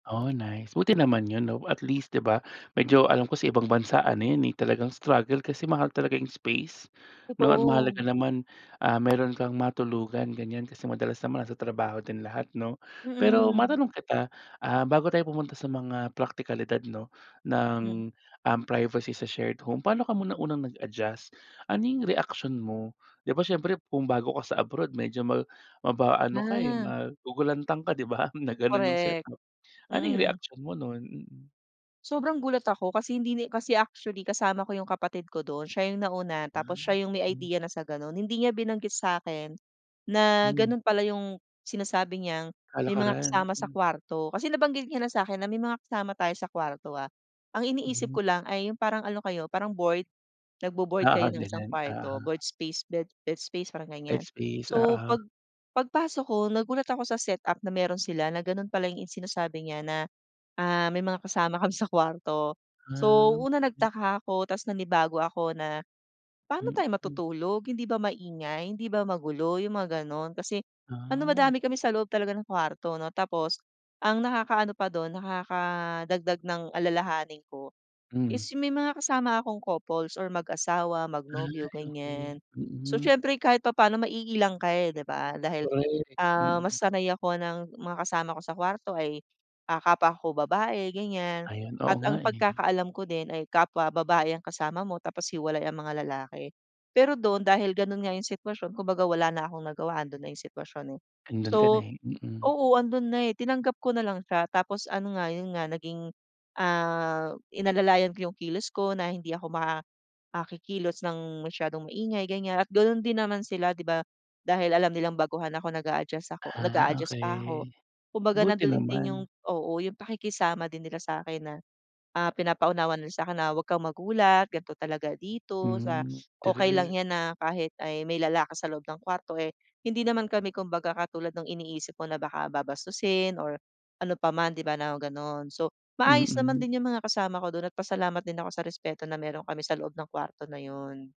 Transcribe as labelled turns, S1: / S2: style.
S1: Oh nice, buti naman 'yun 'no at least 'di ba medyo alam ko sa ibang bansa ano 'yan eh talagang struggle kasi mahal talaga 'yung space 'no. Ang
S2: Totoo.
S1: mahalaga naman, ah, meron kang matulugan ganyan kasi madalas naman nasa trabaho din lahat 'no. Pero
S2: Mm.
S1: matanong kita, ah, bago tayo pumunta sa mga praktikalidad 'no
S2: Hmm.
S1: ng, um, privacy sa shared home. Paano ka muna unang nag-adjust? Ano 'yung reaksyon mo? 'Di ba siyempre kung bago ka sa abroad medyo ma maba ano ka eh,
S2: Ah.
S1: magugulantang ka 'di ba na gano'n 'yung set
S2: Korek.
S1: up. Ano 'yung
S2: Mm.
S1: reaksyon mo nun? Mm.
S2: Sobrang gulat ako kasi hindi na kasi actually kasama ko 'yung kapatid ko dun, siya 'yung nauna tapos
S1: Ah.
S2: siya 'yung may
S1: Hmm.
S2: idea na sa ganun. Hindi niya binanggit sa'kin na
S1: Hmm.
S2: ganun pala 'yung sinasabi niyang may mga
S1: Kalakaran,
S2: kasama sa
S1: hmm.
S2: kwarto. Kasi nabanggit niya lang sa'kin na may mga kasama tayo sa kwarto ah. Ang iniisip
S1: Mhm.
S2: ko lang ay 'yung parang ano kayo, parang board, nagbo-board
S1: Oo
S2: kayo ng isang
S1: ganun.
S2: kwarto,
S1: Oo.
S2: board space, bed bed space, parang
S1: Bed
S2: ganyan.
S1: space,
S2: So
S1: oo.
S2: pag pagpasok ko nagulat ako sa set-up na meron sila, na ganun pala 'yung sinasabi niya na, ah, may mga kasama kami sa kwarto. So
S1: Um,
S2: una
S1: ay.
S2: nagtaka ako tas nanibago ako na, paano tayo
S1: Mm.
S2: matutulog hindi ba maingay? Hindi ba magulo? 'Yung mga ganun. Kasi ano
S1: Ah.
S2: madami kami sa loob talaga ng kwarto 'no. Tapos ang nakakaano pa dun nakakadagdag ng alalahanin ko is
S1: Hmm.
S2: may mga kasama akong couples or mag-asawa, mag-nobyo,
S1: Ay okey.
S2: ganyan. So
S1: Mm.
S2: siyempre kahit papaano maiilang ka eh, 'di ba, dahil
S1: Korek.
S2: ah mas
S1: Mm.
S2: sanay ako ng mga kasama ko sa kwarto ay ah, kapwa ko babae ganyan
S1: Ayan, oo
S2: at
S1: nga
S2: ang
S1: eh.
S2: pagkakaalam ko din ay kapwa babae ang kasama mo tapos hiwalay ang mga lalaki. Pero dun dahil ganun nga yung sitwasyon kumbaga wala na akong nagawa, andun na yung sitwasyon eh.
S1: Andun ka na
S2: So
S1: eh, mm.
S2: oo andun na eh, tinanggap ko na lang siya tapos ano nga 'yun nga naging, ah, inalalayan ko yung kilos ko na hindi ako ma ah, kikilos ng masyadong maingay ganyan at ganun din naman sila 'di ba dahil alam nilang baguhan ako nag-aadjust ako
S1: Ah
S2: nag-aadjust pa ako.
S1: okey,
S2: Kumbaga
S1: buti
S2: nandun din 'yung
S1: naman.
S2: oo 'yung pakikisama din nila sa'kin na, ah, pinapaunawa nila sa'kin na huwag kang magulat gan'to talaga dito sa
S1: Hmm.
S2: okey lang
S1: True.
S2: 'yan na kahit ay may lalaki sa loob ng kwarto eh, hindi naman kami kumbaga katulad ng iniisip mo na baka babastusin or ano pa man, 'di ba na gano'n. So, maayos naman
S1: Mm.
S2: din 'yung mga kasama ko dun at pasalamat din ako sa respeto na meron kami sa loob ng kwarto na 'yun.